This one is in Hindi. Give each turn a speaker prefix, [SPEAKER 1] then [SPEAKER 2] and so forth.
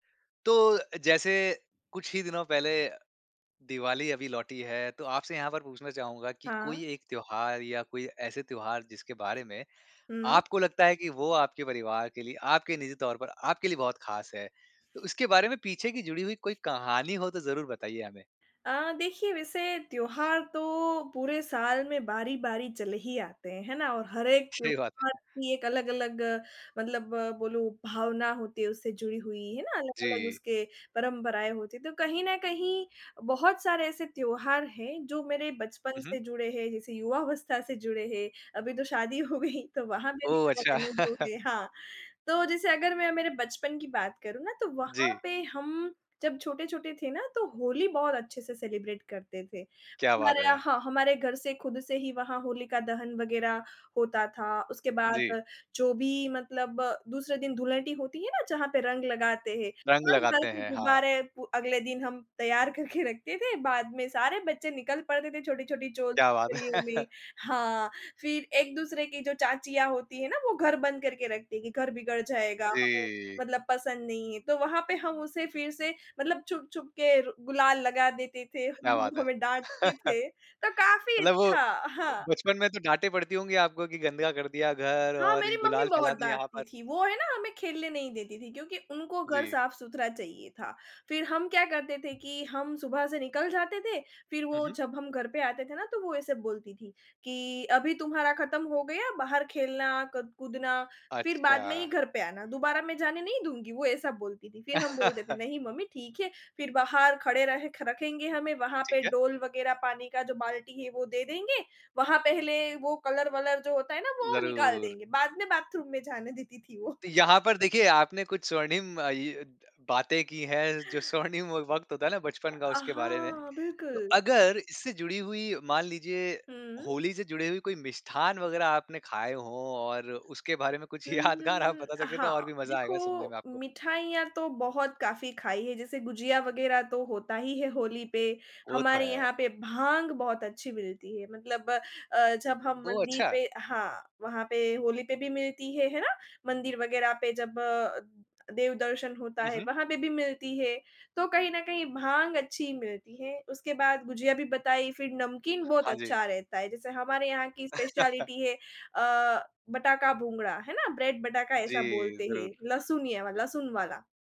[SPEAKER 1] तो जैसे कुछ ही दिनों पहले दिवाली अभी लौटी है, तो आपसे यहाँ पर पूछना चाहूँगा कि
[SPEAKER 2] हाँ।
[SPEAKER 1] कोई एक त्योहार या कोई ऐसे त्योहार जिसके बारे में
[SPEAKER 2] हुँ।
[SPEAKER 1] आपको लगता है कि वो आपके परिवार के लिए, आपके निजी तौर पर आपके लिए बहुत खास है, तो इसके बारे में पीछे की जुड़ी हुई कोई कहानी हो तो ज़रूर बताइए हमें?
[SPEAKER 2] अ, देखिए वैसे त्योहार तो पूरे साल में बारी-बारी चले ही आते हैं, है ना और हर एक
[SPEAKER 1] सही बात है।
[SPEAKER 2] त्योहार की एक अलग-अलग मतलब बोलो भावना होती है उससे जुड़ी हुई, है ना अलग-अलग
[SPEAKER 1] जी।
[SPEAKER 2] उसके परंपराएँ होती हैं, तो कहीं न कहीं बहुत सारे ऐसे त्योहार हैं जो मेरे बचपन
[SPEAKER 1] हुँ, हुँ।
[SPEAKER 2] से जुड़े हैं, जैसे युवावस्था से जुड़े हैं। अभी तो शादी हो गई तो वहाँ पे भी
[SPEAKER 1] ओह, अच्छा।
[SPEAKER 2] अगल-अलग लोग हैं हाँ, तो जैसे अगर मैं मेरे बचपन की बात करूँ ना तो वहाँ
[SPEAKER 1] जी।
[SPEAKER 2] पे हम जब छोटे-छोटे थे ना, तो होली बहुत अच्छे से सेलिब्रेट करते थे।
[SPEAKER 1] क्या
[SPEAKER 2] हमारे
[SPEAKER 1] बात
[SPEAKER 2] यहाँ
[SPEAKER 1] है।
[SPEAKER 2] हाँ, हमारे घर से खुद से ही वहाँ होलिका दहन वग़ैरह होता था, उसके
[SPEAKER 1] जी।
[SPEAKER 2] बाद जो भी मतलब दूसरे दिन धुलेंडी होती है ना जहाँ पर रंग लगाते हैं,
[SPEAKER 1] रंग
[SPEAKER 2] भर-भर
[SPEAKER 1] लगाते
[SPEAKER 2] के
[SPEAKER 1] हैं, हाँ।
[SPEAKER 2] गुब्बारे पू अगले दिन हम तैयार करके रखते थे बाद में सारे बच्चे निकल पड़ते थे छोटी-छोटी चॉल
[SPEAKER 1] क्या बात।
[SPEAKER 2] गलियों में। हाँ, फिर एक-दूसरे की जो चाचियाँ होती है ना, वो घर बंद करके रखती हैं कि घर बिगड़ जाएगा, हमें
[SPEAKER 1] जी।
[SPEAKER 2] मतलब पसंद नहीं है, तो वहाँ पे हम उसे फिर से मतलब छुप-छुप के रु गुलाल लगा देते थे,
[SPEAKER 1] क्या बात है।
[SPEAKER 2] हमें डाँटते थे, तो काफ़ी
[SPEAKER 1] मतलब वो
[SPEAKER 2] अच्छा
[SPEAKER 1] अ,
[SPEAKER 2] हाँ।
[SPEAKER 1] बचपन में तो डाँटें पड़ती होंगी आपको कि गंदा कर दिया घर
[SPEAKER 2] हाँ,
[SPEAKER 1] और
[SPEAKER 2] मेरी मम्मी
[SPEAKER 1] गुलाल
[SPEAKER 2] बहुत
[SPEAKER 1] फैला दिया यहाँ
[SPEAKER 2] डाँटती
[SPEAKER 1] पर।
[SPEAKER 2] थी, वो है ना हमें खेलने नहीं देती थी क्योंकि उनको घर
[SPEAKER 1] जी।
[SPEAKER 2] साफ-सुथरा चाहिए था। फिर हम क्या करते थे कि हम सुबह से निकल जाते थे, फिर
[SPEAKER 1] हुँ,
[SPEAKER 2] वो
[SPEAKER 1] हुँ।
[SPEAKER 2] जब हम घर पे आते थे ना, तो वो ऐसे बोलती थी कि अभी तुम्हारा ख़त्म हो गया, बाहर खेलना, क कूदना फिर बाद में ही
[SPEAKER 1] अच्छा।
[SPEAKER 2] घर पे आना दोबारा मैं जाने नहीं दूँगी वो ऐसा बोलती थी। फिर हम बोलते थे नहीं मम्मी ठीक है, फिर बाहर खड़े रहे ख रखेंगे हमें वहाँ
[SPEAKER 1] ठीक
[SPEAKER 2] पे
[SPEAKER 1] है।
[SPEAKER 2] डोल वग़ैरह पानी का जो बाल्टी है वो दे देंगे। वहाँ पहले वो कलर वलर जो होता है ना, वो निकाल
[SPEAKER 1] ज़रूर।
[SPEAKER 2] देंगे बाद में बाथरूम में जाने देती थी वो।
[SPEAKER 1] यहाँ पर देखिए आपने कुछ स्वर्णिम अ, इ बातें की हैं, जो स्वर्णिम व वक़्त होता है ना बचपन का
[SPEAKER 2] अ,
[SPEAKER 1] उसके बारे में।
[SPEAKER 2] हाँ,
[SPEAKER 1] तो
[SPEAKER 2] बिल्कुल।
[SPEAKER 1] अगर इससे जुड़ी हुई मान लीजिए
[SPEAKER 2] हुँ।
[SPEAKER 1] होली से जुड़ी हुई कोई मिष्ठान्न वगैरह आपने खाए हों और उसके बारे में कुछ
[SPEAKER 2] उम, हुँ,
[SPEAKER 1] यादगार आप
[SPEAKER 2] हुँ।
[SPEAKER 1] बता
[SPEAKER 2] अ,
[SPEAKER 1] सकें तो
[SPEAKER 2] हाँ,
[SPEAKER 1] और भी मज़ा
[SPEAKER 2] देखो
[SPEAKER 1] आएगा सुनने में आपको?
[SPEAKER 2] मिठाइयाँ तो बहुत काफ़ी खाई है जैसे गुझिया वग़ैरह तो होता ही है होली पे,
[SPEAKER 1] वो तो
[SPEAKER 2] हमारे यहाँ
[SPEAKER 1] है।
[SPEAKER 2] पे भांग बहुत अच्छी मिलती है मतलब अ, जब हम
[SPEAKER 1] ओह,
[SPEAKER 2] मंदिर
[SPEAKER 1] अच्छा।
[SPEAKER 2] पे हाँ, वहाँ पे होली पे भी मिलती है, है ना? मंदिर वग़ैरह पे जब अ, देव दर्शन होता
[SPEAKER 1] हुँ,
[SPEAKER 2] है
[SPEAKER 1] हुँ।
[SPEAKER 2] वहाँ पे भी मिलती है तो कहीं न कहीं भांग अच्छी मिलती है। उसके बाद गुझिया भी बताई, फिर नमकीन बहुत
[SPEAKER 1] हाँ जी।
[SPEAKER 2] अच्छा रहता है, जैसे हमारे यहाँ की स्पेशिएलिटी है अ, बटाका भुंगड़ा है ना? ब्रेड बटाका ऐसा
[SPEAKER 1] जी,
[SPEAKER 2] बोलते
[SPEAKER 1] ज़रूर।
[SPEAKER 2] हैं, लहसुनिया लहसुन वाला।